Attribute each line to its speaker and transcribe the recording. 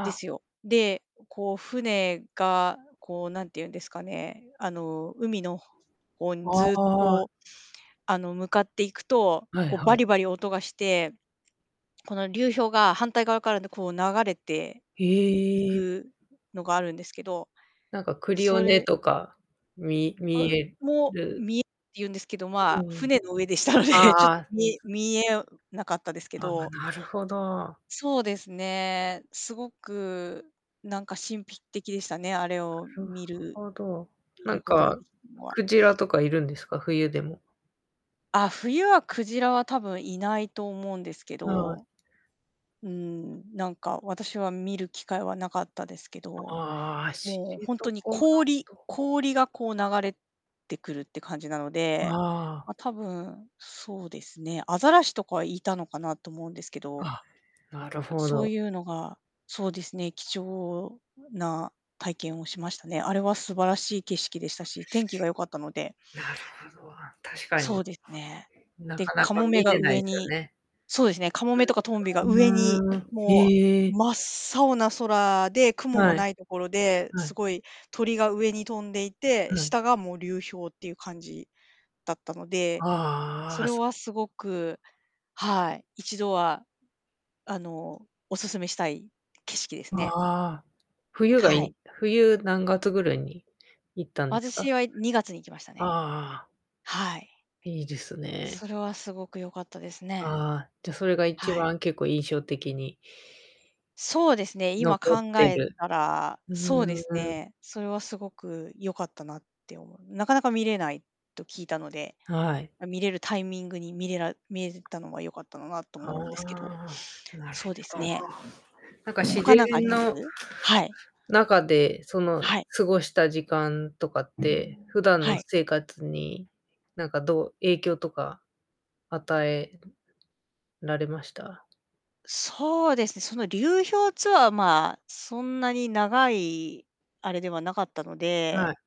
Speaker 1: で
Speaker 2: あ。
Speaker 1: すよ。で、こう、船が、こう、なんて言うんですかね。あの、海のほ方に
Speaker 2: あ
Speaker 1: ずっと、
Speaker 2: あ。
Speaker 1: こう、あの、向かっていくと、
Speaker 2: はい
Speaker 1: こう、
Speaker 2: は
Speaker 1: バ
Speaker 2: い。
Speaker 1: リバリ音がして、この流氷が反対側から、んで、こう流れていい
Speaker 2: ええ。
Speaker 1: くのがあるんですけど、
Speaker 2: なんか、クリオ
Speaker 1: そ
Speaker 2: ネ
Speaker 1: れ
Speaker 2: とかみ
Speaker 1: あ
Speaker 2: 見
Speaker 1: う
Speaker 2: え
Speaker 1: も、
Speaker 2: る。
Speaker 1: 見えて言うんですけど、
Speaker 2: う
Speaker 1: まあ、
Speaker 2: うん。
Speaker 1: 船の上でしたの
Speaker 2: あ
Speaker 1: で、ち
Speaker 2: あ
Speaker 1: ょっ
Speaker 2: あ
Speaker 1: と、
Speaker 2: あ。
Speaker 1: 見え
Speaker 2: す
Speaker 1: 見えうなかったですけ
Speaker 2: ああ、
Speaker 1: ど。
Speaker 2: なるほど。
Speaker 1: そうですね。すごく、なんか、神秘的でしたね、あれを
Speaker 2: なる
Speaker 1: 見る
Speaker 2: ほど。
Speaker 1: 見
Speaker 2: なん
Speaker 1: ることが
Speaker 2: か、
Speaker 1: できるのは。
Speaker 2: 鯨とかいるんですか？冬でも。
Speaker 1: あ、冬は鯨は多分、いないと思うんですけ
Speaker 2: はい。
Speaker 1: ど。うーん、なんか、私は見る機会はなかったですけど。
Speaker 2: ああ、知
Speaker 1: もう、ほん
Speaker 2: 床
Speaker 1: とに
Speaker 2: 半
Speaker 1: 氷
Speaker 2: 島。
Speaker 1: 氷がこう流れてくるって感じなの
Speaker 2: あ
Speaker 1: で、
Speaker 2: あ。
Speaker 1: まあ、多分、そうですね。アザラシとかはいたのかなと思うんですけど
Speaker 2: あ、なるほ
Speaker 1: そう
Speaker 2: ど。
Speaker 1: いうのが、そうですね、貴重な体験をしましたね。あれは素晴らしい景色でしたし、天気が良かったので。
Speaker 2: なるほど、確か
Speaker 1: そ
Speaker 2: に。
Speaker 1: うですね。
Speaker 2: な
Speaker 1: で、
Speaker 2: かな
Speaker 1: カ
Speaker 2: か
Speaker 1: モメ
Speaker 2: 見
Speaker 1: が
Speaker 2: れない
Speaker 1: 上
Speaker 2: すよ
Speaker 1: に
Speaker 2: ね。
Speaker 1: そうですね、カモメとかトンビが上に、
Speaker 2: うーん。
Speaker 1: も
Speaker 2: へ
Speaker 1: う
Speaker 2: え。
Speaker 1: 真っ青な空で、雲も
Speaker 2: はい。
Speaker 1: ないところで、
Speaker 2: は
Speaker 1: す
Speaker 2: い。
Speaker 1: ごい、鳥が上に飛んでいて、
Speaker 2: はい。
Speaker 1: 下がもう流氷っていう感じだったので、
Speaker 2: あ
Speaker 1: そ
Speaker 2: あ。
Speaker 1: れ
Speaker 2: す
Speaker 1: はすごく、はい。一度は。あの、お勧めしたい景色ですね。
Speaker 2: ああ。冬が
Speaker 1: は
Speaker 2: い
Speaker 1: い。
Speaker 2: い。冬何月ぐらいに行ったんですか？
Speaker 1: 私は2月に行きましたね。
Speaker 2: ああ。
Speaker 1: はい。
Speaker 2: いいですね。
Speaker 1: それはすごく良かったですね。
Speaker 2: ああ、じゃ、それが一
Speaker 1: はい。
Speaker 2: 番、結構、印象的に
Speaker 1: そうですね、
Speaker 2: 残
Speaker 1: 今
Speaker 2: っ
Speaker 1: 考
Speaker 2: て
Speaker 1: え
Speaker 2: る
Speaker 1: たら、
Speaker 2: ふ
Speaker 1: そうです
Speaker 2: ーん。
Speaker 1: ね、それはすごく良かったなって思う。なかなか見れないと聞いたので、
Speaker 2: はい。
Speaker 1: ま、見れるタイミングに見れら見れたのは良かったのなと
Speaker 2: あ
Speaker 1: 思うんですけど。
Speaker 2: あ、なる
Speaker 1: そうで
Speaker 2: ほ
Speaker 1: す
Speaker 2: ど。
Speaker 1: ね。
Speaker 2: なんか、自
Speaker 1: 他
Speaker 2: 然
Speaker 1: なんかあります？
Speaker 2: の
Speaker 1: はい。
Speaker 2: 中で、その
Speaker 1: はい。
Speaker 2: 過ごした時間とかって、普段
Speaker 1: は
Speaker 2: の
Speaker 1: い。
Speaker 2: 生活に、なんか、どう影響とか与ええのられました？
Speaker 1: そうですね、その流氷ツアー、まあ、そんなに長いあれではなかったの
Speaker 2: は
Speaker 1: で
Speaker 2: い。